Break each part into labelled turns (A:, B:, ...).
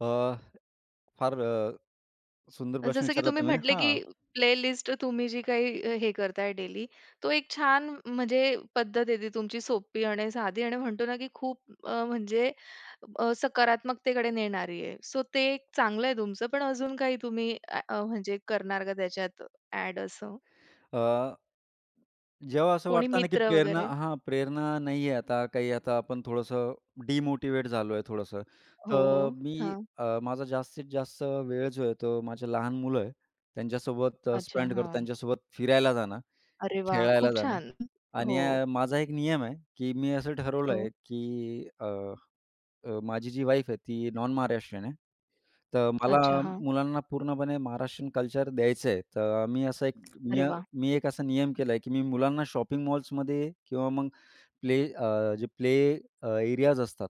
A: अ, फार अ, सुंदर
B: अ,
A: प्रश्न
B: जसं, की
A: विचारला
B: तुम्ही
A: तुम्ही.
B: म्हटले,
A: हा.
B: की प्लेलिस्ट तुम्ही जी काही हे करताय डेली, तो एक छान म्हणजे पद्धत आहे ती तुमची, सोपी आणि साधी आणि म्हणतो ना, की खूप अ, म्हणजे अ, सकारात्मकतेकडे नेणारी आहे. सो ते एक चांगलंय तुमचं, पण अजून काही तुम्ही अ, म्हणजे करणार का त्याच्यात अ‍ॅड असं?
A: अ, जेव्हा असं
B: कोणी
A: वाटतं ना, की
B: मित्र
A: प्रेरणा
B: वगैरे.
A: हां, प्रेरणा नाही आहे आता काही, आता आपण थोडंसं डिमोटिवेट झालो आहे थोडंसं,
B: हो, हो,
A: तर मी
B: हां.
A: अ, माझा जास्तीत जास्त वेळ जो आहे, तो माझ्या लहान मुलं आहे त्यांच्यासोबत अ,
B: अच्छा,
A: स्पेंड करतो,
B: हां.
A: त्यांच्यासोबत फिरायला जाणं,
B: अरे वाह!
A: खेळायला
B: खूप
A: जाणं
B: छान.
A: आणि
B: हो.
A: अ, माझा एक नियम आहे, की मी असं ठरवलं
B: हो.
A: आहे, अ, अ, माझी जी वाईफ आहे ती नॉन-महाराष्ट्रीयन आहे, तर मला
B: अच्छा, हां.
A: मुलांना पूर्णपणे महाराष्ट्रीयन कल्चर द्यायचं आहे, तर मी असं एक मी
B: अरे वाह!
A: मी एक असा नियम केला आहे, की मी मुलांना शॉपिंग मॉल्समध्ये किंवा मग प्ले अ, जे प्ले अ, एरियाज असतात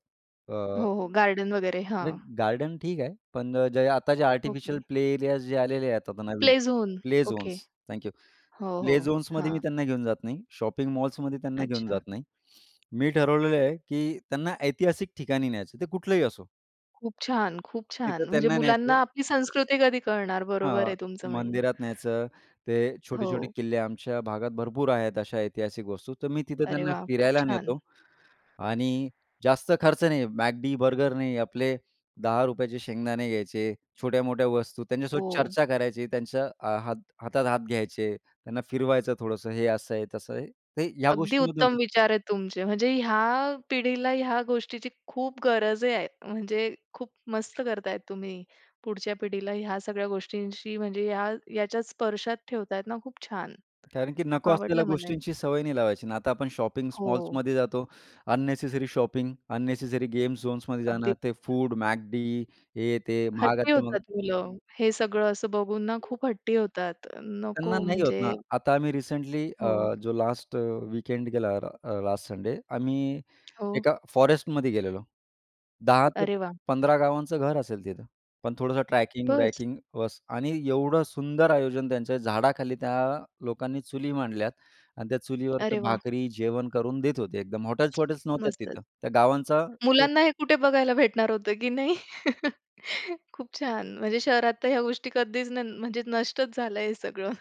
A: अ,
B: हो, हो, गार्डन वगैरे.
A: नाही
B: हां.
A: गार्डन ठीक आहे, पण आता जे आर्टिफिशियल
B: ओके.
A: प्ले एरियाज जे आलेले आहेत, आता नवीन
B: play zone.
A: Play
B: okay.
A: Zones, thank you,
B: हो,
A: प्ले
B: हो.
A: झोन्समध्ये मी
B: हां.
A: त्यांना घेऊन जात नाही, शॉपिंग मॉल्समध्ये त्यांना घेऊन
B: अच्छा.
A: जात नाही. मी ठरवलेलं आहे, की त्यांना ऐतिहासिक ठिकाणी न्यायचं आहे, ते कुठलंही असो.
B: खूप छान, खूप
A: तिथं
B: छान. म्हणजे
A: त्यांना न्यायचं.
B: मुलांना आपली संस्कृती कधी कळणार, बरोबर आहे
A: हां,
B: तुमचं म्हणणं.
A: मंदिरात न्यायचं, ते छोटे-छोटे
B: हो.
A: किल्ले आमच्या भागात भरपूर आहेत. अशा ऐतिहासिक वस्तू, तर मी तिथं
B: अरे
A: त्यांना
B: वाह! खूप
A: फिरायला
B: छान.
A: नेतो आणि जास्त खर्च नाही, McD, बर्गर नाही. आपले 10 रुपयाचे शेंगदाणे घ्यायचे, छोट्या-मोठ्या वस्तू त्यांच्यासोबत
B: हो.
A: चर्चा करायची, त्यांच्या अ, हात हातात हात घ्यायचे, त्यांना फिरवायचं थोडंसं हे असं आहे तसं आहे ते ह्या
B: अगदी
A: गोष्टींमधून
B: उत्तम विचार आहेत तुमचे, म्हणजे ह्या पिढीला ह्या गोष्टीची खूप गरज आहे, म्हणजे खूप मस्त करताय तुम्ही. पुढच्या पिढीला ह्या सगळ्या गोष्टींशी, म्हणजे ह्या ह्याच्यात स्पर्शात ठेवतायेत ना, खूप छान.
A: कारण की नको
B: आवडलं
A: असलेल्या
B: मला हे.
A: गोष्टींची सवय नाही लावायची. आता आपण शॉपिंग
B: हो.
A: मॉल्समध्ये जातो, अननेसेसरी शॉपिंग, अननेसेसरी गेम झोन्समध्ये जाणं,
B: अगदी.
A: ते फूड McD हे ते
B: हट्टी
A: महागाचं मग
B: होतात मुलं, हे सगळं असं बघून ना खूप हट्टी होतात.
A: त्यांना
B: नको
A: नाही होत ना.
B: म्हणजे
A: आता आम्ही रिसेंटली
B: हो.
A: अ, जो लास्ट वीकेंड गेला, अ, लास्ट संडे आम्ही
B: हो.
A: एका फॉरेस्टमध्ये गेलेलो. 10 ते
B: अरे वाह!
A: 15 गावांचं घर असेल तिथं पण थोडंसं
B: बस.
A: ट्रॅकिंग-ब्रॅकिंग बस आणि एवढं सुंदर आयोजन त्यांच्या झाडाखाली त्या लोकांनी चुली मांडल्यात आणि त्या चुलीवर तर
B: अरे वाह!
A: भाकरी जेवण करून देत होते, एकदम हॉटेल्स वॉटेल्स नव्हत्या
B: मस्तच.
A: तिथं. त्या गावांचा
B: मुलांना हे कुठे बघायला भेटणार होतं की नाही खूप छान, म्हणजे शहरात तर ह्या गोष्टी कधीच न म्हणजे नष्टच झालंय हे सगळं.